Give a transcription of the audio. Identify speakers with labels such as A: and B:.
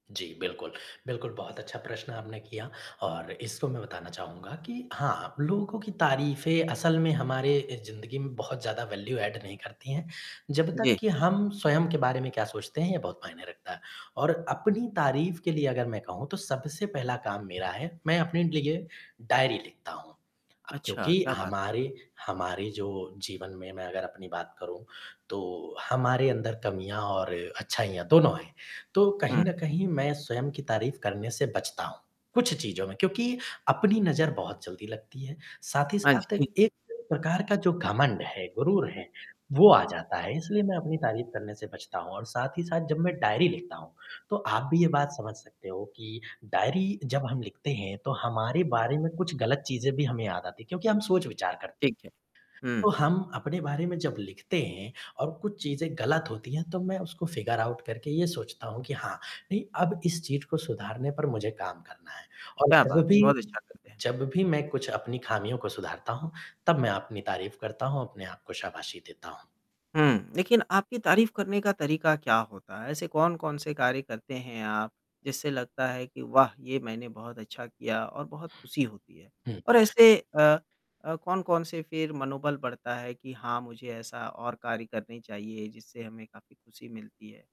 A: जी, बिल्कुल। बिल्कुल बहुत अच्छा प्रश्न आपने किया और इसपे मैं बताना चाहूँगा कि हाँ, आप लोगों की तारीफ़ें असल में हमारे ज़िंदगी में बहुत ज़्यादा वैल्यू ऐड नहीं करती हैं, जब तक
B: जी।
A: कि हम स्वयं के बारे में क्या सोचते हैं ये बहुत मायने रहता है। और अपनी तारीफ़ के लिए अगर मैं कहूँ तो सबसे पहला काम मेरा है मैं अपने लिए डायरी लिखता हूँ। अब
B: अच्छा
A: क्योंकि
B: क्या बात है।
A: हमारे हमारे जो जीवन में मैं अगर अपनी बात करूँ तो हमारे अंदर कमियाँ और अच्छाइयाँ दोनों हैं। तो
B: हुँ।
A: कहीं न कहीं मैं स्वयं की तारीफ़ करने से बचता हूँ, कुछ चीज़ों में। क्योंकि अपनी नज़र बहुत जल्दी लगती है। साथ ही
B: हाँ
A: साथ
B: जी।
A: एक प्रकार का जो घमंड है, गुरूर है, वो आ जाता है, इसलिए मैं अपनी तारीफ़ करने से बचता हूँ और साथ ही साथ जब मैं डायरी लिखता हूँ, तो आप भी ये बात समझ सकते हो कि डायरी जब हम लिखते हैं, तो हमारे बारे में कुछ गलत चीज़ें भी हमें याद आती हैं क्योंकि हम सोच-विचार कर
B: ठीक है।
A: तो
B: हुँ।
A: हम अपने बारे में जब लिखते हैं और कुछ चीज़ें गलत होती हैं तब मैं उसको फ़िगर आउट करके ये सोचता हूँ कि हाँ, नहीं अब इस चीज़ को सुधारने पर मुझे काम करना है। और
B: क्या
A: जब
B: बात!
A: भी
B: बहुत अच्छा करते है।
A: जब भी मैं कुछ अपनी खामियों को सुधारता हूँ, तब मैं अपनी तारीफ़ करता हूँ, अपने आप को शाबाशी देता हूँ।
B: हुँ। लेकिन आपकी तारीफ़ करने का तरीका क्या होता है? ऐसे कौन-कौन से कार्य करते हैं आप जिससे लगता है कि वाह! ये मैंने बहुत अच्छा किया और बहुत खुशी होती है?
A: हुँ।
B: और ऐसे अ अ, कौन-कौन से फिर मनोबल बढ़ता है कि हाँ, मुझे ऐसा और कार्य करने चाहिए जिससे हमें काफ़ी खुशी मिलती है?